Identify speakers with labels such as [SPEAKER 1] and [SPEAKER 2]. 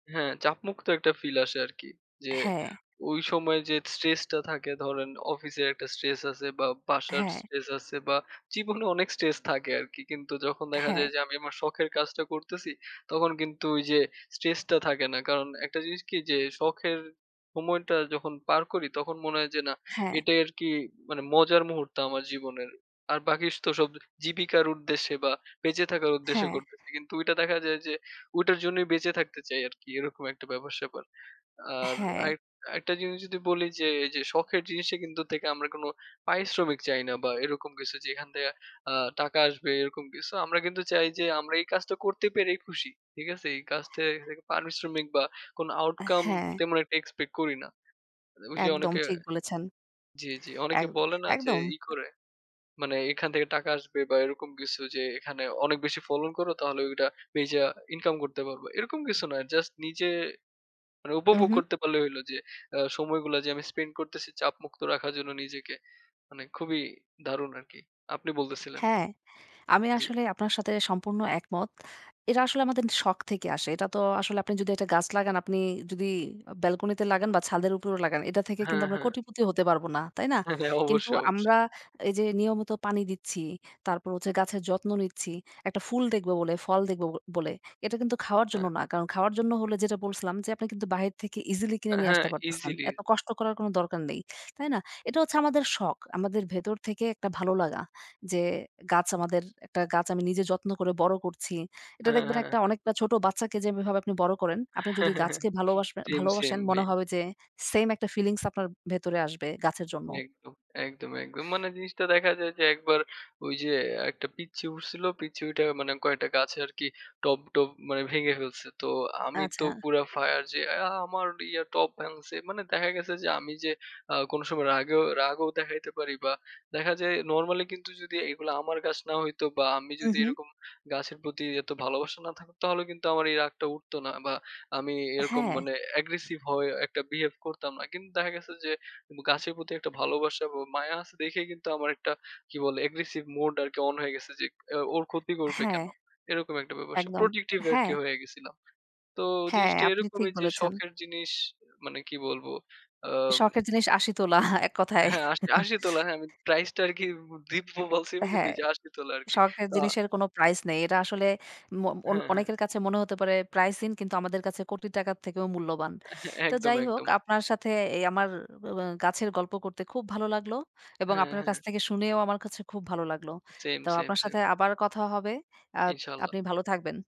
[SPEAKER 1] হ্যাঁ, চাপমুক্ত একটা ফিল আসে আরকি। যে
[SPEAKER 2] হ্যাঁ।
[SPEAKER 1] ঐ সময় যে স্ট্রেস টা থাকে ধরেন অফিসের একটা স্ট্রেস আছে বা বাসার
[SPEAKER 2] হ্যাঁ।
[SPEAKER 1] স্ট্রেস আছে বা জীবনে অনেক স্ট্রেস থাকে আরকি। কিন্তু যখন দেখা যায়
[SPEAKER 2] হ্যাঁ।
[SPEAKER 1] যে আমি আমার শখের কাজটা করতেছি, তখন কিন্তু ওই যে স্ট্রেস টা থাকে না। কারণ ১ টা জিনিস কি, যে শখের সময়টা যখন পার করি তখন মনে হয় যে না,
[SPEAKER 2] হ্যাঁ।
[SPEAKER 1] এটাই আরকি মানে মজার মুহূর্ত আমার জীবনের। আর বাকি তো সব জীবিকার উদ্দেশ্যে বা বেঁচে থাকার উদ্দেশ্যে
[SPEAKER 2] হ্যাঁ।
[SPEAKER 1] করতেছি। কিন্তু ঐটা দেখা যায় যে ঐটার জন্যই বেঁচে থাকতে চাই আরকি এরকম একটা ব্যাপার স্যাপার। আর
[SPEAKER 2] হ্যাঁ।
[SPEAKER 1] আরেক আরেকটা জিনিস যদি বলি যে এইযে শখের জিনিসটা কিন্তু থেকে আমরা কোনো পারিশ্রমিক চাই না বা এরকম কিছু যেখান থেকে আ টাকা আসবে এরকম কিছু। আমরা কিন্তু চাই যে আমরা এই কাজটা করতে পেরেই খুশি। ঠিক আছে? এই কাজ থেকে পারিশ্রমিক বা কোন
[SPEAKER 2] আ
[SPEAKER 1] outcome
[SPEAKER 2] হ্যাঁ।
[SPEAKER 1] তেমন একটা এক্সপেক্ট করি না। ঐ যে
[SPEAKER 2] একদম
[SPEAKER 1] অনেকে
[SPEAKER 2] ঠিক বলেছেন।
[SPEAKER 1] জ্বি, জ্বি। অনেকে
[SPEAKER 2] একদ
[SPEAKER 1] বলে না যে
[SPEAKER 2] একদম।
[SPEAKER 1] ই করে মানে এখান থেকে টাকা আসবে বা এরকম কিছু যে, "এখানে অনেক বেশি ফলন করো তাহলে ঐডা বেইচা ইনকাম করতে পারবা।" এরকম কিছু না, জাস্ট নিজে মানে উপভোগ
[SPEAKER 2] উহু।
[SPEAKER 1] করতে পারলেই হইলো যে অ সময়গুলা যে আমি স্পেন্ড করতেছি চাপমুক্ত রাখার জন্য নিজেকে, মানে খুবই দারুণ আরকি। আপনি বলতেছিলেন।
[SPEAKER 2] হ্যাঁ, আমি
[SPEAKER 1] জ্বী।
[SPEAKER 2] আসলে আপনার সাথে সম্পূর্ণ একমত। এটা আসলে আমাদের শখ থেকে আসে। এটা তো আসলে আপনি যদি ১ টা গাছ লাগান আপনি যদি অ ব্যালকনি তে লাগান বা ছাদের উপরেও লাগান এটা থেকে কিন্তু
[SPEAKER 1] হ্যাঁ,
[SPEAKER 2] আমরা
[SPEAKER 1] হ্যাঁ।
[SPEAKER 2] কোটিপতি হতে পারব না। তাই না?
[SPEAKER 1] হ্যাঁ, হ্যাঁ
[SPEAKER 2] কিন্তু
[SPEAKER 1] অবশ্যই, অবশ্যই।
[SPEAKER 2] আমরা এই যে নিয়মিত পানি দিচ্ছি, তারপর হচ্ছে গাছের যত্ন নিচ্ছি। ১ টা ফুল দেখব বলে, ফল দেখব, ব বলে। এটা কিন্তু খাওয়ার জন্য
[SPEAKER 1] অ্যা
[SPEAKER 2] না। কারণ খাওয়ার জন্য হলে যেটা বলছিলাম যে, আপনি কিন্তু বাহির থেকে ইজিলি কিনে
[SPEAKER 1] অ্যা
[SPEAKER 2] নিয়ে
[SPEAKER 1] হ্যাঁ,
[SPEAKER 2] আসতে পারতেছেন।
[SPEAKER 1] ইজিলি।
[SPEAKER 2] এত কষ্ট করার কোন দরকার নেই। তাই না? এটা হচ্ছে আমাদের শখ। আমাদের ভেতর থেকে একটা ভালো লাগা। যে গাছ আমাদের একটা গাছ আমি নিজে যত্ন করে বড় করছি। এটা
[SPEAKER 1] হ্যাঁ,
[SPEAKER 2] দেখবেন
[SPEAKER 1] হ্যাঁ,
[SPEAKER 2] একটা
[SPEAKER 1] হ্যাঁ।
[SPEAKER 2] অনেকটা ছোট বাচ্চাকে যেভাবে আপনি বড় করেন, আপনি যদি গাছকে ভালবাসবে
[SPEAKER 1] সেম, সেম
[SPEAKER 2] ভালোবাসেন মনে
[SPEAKER 1] ভাই।
[SPEAKER 2] হবে যে সেম ১ টা ফিলিংস আপনার ভেতরে আসবে গাছের জন্য।
[SPEAKER 1] একদম, একদম, একদম মানে জিনিসটা দেখা যায় যে ১ বার ঐযে একটা পিচ্চি উঠছিল পিচ্চি উইঠা মানে কয়টা গাছে আরকি টব, টব মানে ভেঙে ফেলছে। তো আমি তো
[SPEAKER 2] আচ্ছা।
[SPEAKER 1] পুরা ফায়ার যে "অ্যা আমার ইয়া টব ভাঙছে।" মানে দেখা গেছে যে আমি যে আ কোন সময় রাগেও রাগও দেখাইতে পারি বা দেখা যায় নরমালি কিন্তু যদি এগুলা আমার গাছ না হইতো বা আমি যদি
[SPEAKER 2] উহু।
[SPEAKER 1] এরকম গাছের প্রতি এত ভালোবাসা না থাকত তাহলে কিন্তু আমার এই রাগটা উঠত না। বা আমি এরকম
[SPEAKER 2] হ্যাঁ।
[SPEAKER 1] মানে Aggressive হয়ে একটা বিহেভ করতাম না। কিন্তু দেখা গেছে যে, উব গাছের প্রতি ১ টা ভালোবাসা এবং মায়া আছে দেইখাই কিন্তু আমার ১ টা কি বলে Aggressive mode আরকি অন হয়ে গেছে যে ইক "ওর ক্ষতি করবে
[SPEAKER 2] হ্যাঁ,
[SPEAKER 1] কেন?" এরকম একটা ব্যাপার-স্যাপার
[SPEAKER 2] একদম
[SPEAKER 1] Protective আরকি
[SPEAKER 2] হ্যাঁ।
[SPEAKER 1] হয়ে গেছিলাম। তো
[SPEAKER 2] হ্যাঁ,
[SPEAKER 1] জিনিসটা
[SPEAKER 2] আপনি ঠিক
[SPEAKER 1] এরকমই যে
[SPEAKER 2] বলেছেন।
[SPEAKER 1] শখের জিনিস মানে কি বলবো আম
[SPEAKER 2] শখের জিনিস আশি তোলা এককথায়।
[SPEAKER 1] হ্যাঁ আশ আশি তোলা। হ্যাঁ, আমি প্রাইস টা আরকি ব দিব্য বলছিমু কিন্তু
[SPEAKER 2] হ্যাঁ,
[SPEAKER 1] এইযে আশি তোলা আরকি।
[SPEAKER 2] শখের
[SPEAKER 1] তা
[SPEAKER 2] জিনিসের কোন প্রাইস নেই। এটা আসলে ম অন
[SPEAKER 1] হ্যাঁ, হ্যাঁ।
[SPEAKER 2] অনেকের কাছে মনে হতে পারে প্রাইসিং কিন্তু আমাদের কাছে কোটি টাকার থেকেও মূল্যবান।
[SPEAKER 1] এহ
[SPEAKER 2] তো
[SPEAKER 1] একদম,
[SPEAKER 2] যাই হোক
[SPEAKER 1] একদম।
[SPEAKER 2] আপনার সাথে এই আমার অ অ গাছের গল্প করতে খুব ভালো লাগলো। এবং
[SPEAKER 1] হ্যাঁ,
[SPEAKER 2] আপনার
[SPEAKER 1] হ্যাঁ।
[SPEAKER 2] কাছ থেকে শুনেও আমার কাছে খুব ভালো লাগলো।
[SPEAKER 1] সেম,
[SPEAKER 2] তো
[SPEAKER 1] সেম,
[SPEAKER 2] আপনার
[SPEAKER 1] সেম।
[SPEAKER 2] সাথে আবার কথা হবে। আ
[SPEAKER 1] ইনশাআল্লাহ।
[SPEAKER 2] আপনি ভালো থাকবেন।